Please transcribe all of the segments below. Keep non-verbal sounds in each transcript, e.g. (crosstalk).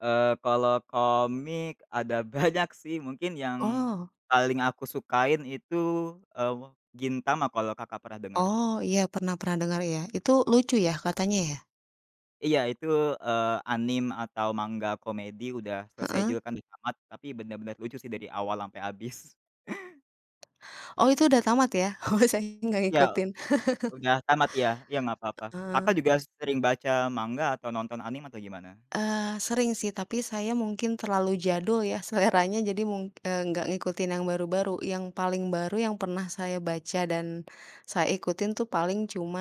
Eee, kalau komik ada banyak sih mungkin yang Oh. paling aku sukain itu, eee, Gintama kalau Kakak pernah denger. Oh, iya pernah pernah dengar, iya. Itu lucu ya, katanya ya? Iya itu, eee, anime atau manga komedi udah selesai Heeh. juga kan udah tamat, tapi benar benar lucu sih dari awal sampai habis. Oh itu udah tamat ya? Oh, saya gak Ya, ngikutin. (chuckles) udah tamat ya ya nggak apa-apa. Kakak Heeh. juga sering baca manga atau nonton anime atau gimana? Eee, sering sih. Tapi saya mungkin terlalu jadul ya seleranya jadi mung eee, nggak ngikutin yang baru-baru. Yang paling baru yang pernah saya baca dan saya ikutin tuh paling cuma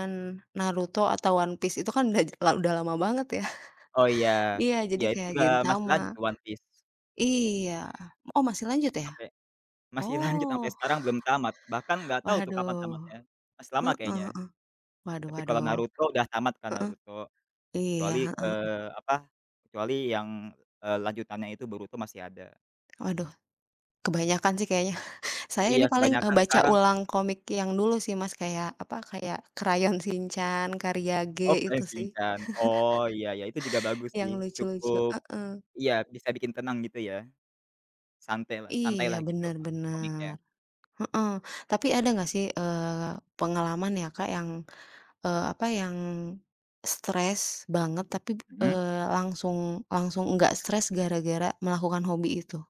Naruto atau One Piece, itu kan udah ja la udah lama banget, ya. Oh, iya (chuckles) Iya, jadi iya, itu kayak juga masih lanjut Gentama, tuh One Piece. iya, oh masih lanjut ya? Sampai masih lanjut sampai Oh. sekarang belum tamat. Bahkan (chuckles) gak tahu tuh Waduh. kapan tamatnya, masih lama Heeh kayaknya. heeh. Waduh Tapi kalau waduh. Naruto udah tamat kan Heeh, Naruto, iya, kecuali, heeh heeh. eee, apa, kecuali yang, eee, lanjutannya itu Boruto masih ada. Waduh. Kebanyakan sih kayaknya. (chuckles) Saya ini Iya paling, eee, kebanyakan baca sekarang. ulang komik yang dulu sih, Mas. Kayak apa, kayak Crayon Shinchan, karya G, Oh, itu Crayon sih. Shinchan. Oh, iya iya itu juga (chuckles) bagus Yang sih, lucu-lucu, cukup heeh. iya bisa bikin tenang gitu ya. Santailah Iya, santailah gitu, benar Kak, komiknya. benar. Heeh, tapi ada nggak sih, eee, pengalaman ya, Kak, yang, eee, apa yang stres banget tapi b Mmm. eee, langsung langsung enggak stres gara-gara melakukan hobi itu?